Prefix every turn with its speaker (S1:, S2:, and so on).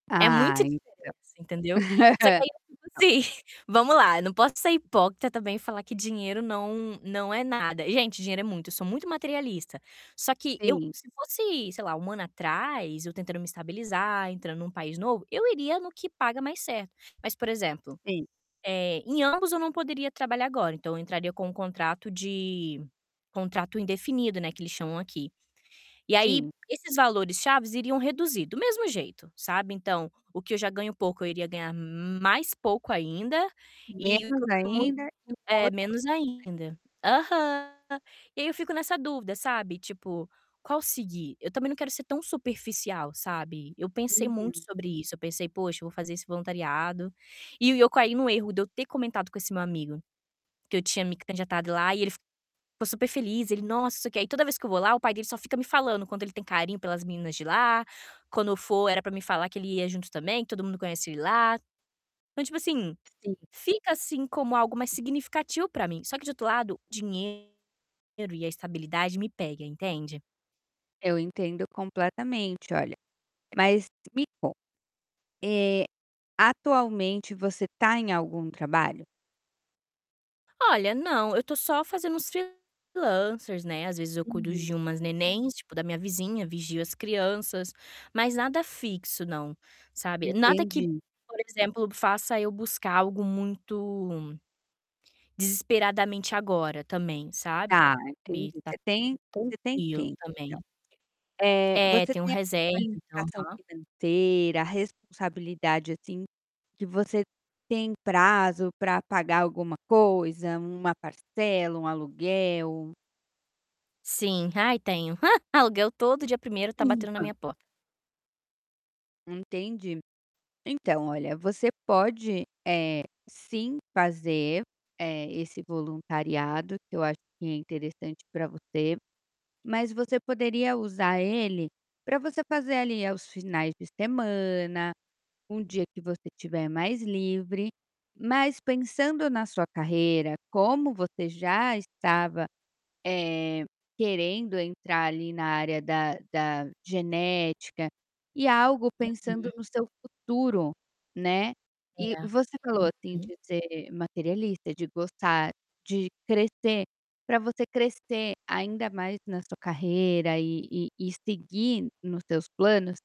S1: É muita
S2: Ah então.
S1: diferença, entendeu. Só que aí eu fico
S2: [unintelligible]
S1: assim, vamos lá, não posso ser hipócrita também e falar que dinheiro não não é nada. Gente, dinheiro é muito sou muito materialista. Só que eu
S2: Sim.
S1: se fosse, sei lá, um ano atrás, eu tentando me estabilizar, entrando num país novo, eu iria no paga mais certo. Mas por exemplo,
S2: Sim.
S1: eh, em ambos eu não poderia trabalhar agora, então eu entraria com um contrato de contrato indefinido não é que eles chamam aqui. E aí
S2: Sim.
S1: esses valores-chaves iriam reduzir do mesmo jeito, sabe. Então, o que eu já ganho pouco eu iria ganhar mais pouco ainda, e
S2: Menos
S1: [unintelligible]
S2: ainda e o
S1: é,
S2: outro
S1: menos
S2: [unintelligible]
S1: ainda. Aham. E aí eu fico nessa dúvida sabe tipo, "Qual seguir?". Eu também não quero ser tão superficial, sabe. Eu pensei muito
S2: Uhum.
S1: sobre isso, eu pensei: "Poxa eu vou fazer esse voluntariado", e eu caí no erro de eu ter comentado com esse meu amigo, que eu tinha me candidatado lá e ele, ficou super feliz, "Nossa, não sei o que" e toda vez que eu vou lá o pai dele só fica me falando, quando ele tem carinho pelas meninas de lá, quando eu for era para me falar que ele ia junto também, que todo mundo conhecia ele lá. Então tipo assim,
S2: Sim.
S1: fica assim como algo mais significativo para mim, só que do outro lado, dinheiro e a estabilidade me pega, entende.
S2: Eu entendo completamente olha. Mas, me conta, eh, atualmente você tá em algum trabalho?
S1: Olha não, eu estou só fazendo uns freelancers, né às vezes eu cuido
S2: Uhum.
S1: de umas nenéns tipo da minha vizinha, vigio as crianças, mas nada fixo não, sabe. Nada que,
S2: Entendi.
S1: por exemplo faça eu buscar algo muito, desesperadamente agora também, sabe,
S2: Tá entendi,
S1: tá
S2: você tem você tem
S1: tranquilo
S2: tempo então.
S1: também.
S2: Eh,
S1: É,
S2: você
S1: tenho
S2: tem
S1: reserva, então
S2: educação
S1: aham.
S2: financeira, responsabilidade assim, que você tem prazo para pagar alguma coisa, uma parcela, um aluguel?
S1: Sim. Ai, tenho, aluguel todo dia 1º está batendo na
S2: [unintelligible]
S1: minha porta.
S2: Entendi. Então, olha você pode, eh, sim fazer, eh, esse voluntariado que eu acho que é interessante para você, mas você poderia usar ele para você fazer ali aos finais de semana, um dia que você estiver mais livre, mas pensando na sua carreira como você já estava, eh, querendo entrar ali na área da da genética, e algo pensando
S1: Uhum.
S2: no seu futuro, né.
S1: É.
S2: E você falou assim
S1: Uhum.
S2: de ser materialista, de gostar de crescer, para você crescer ainda mais na sua carreira e e e seguir nos seus planos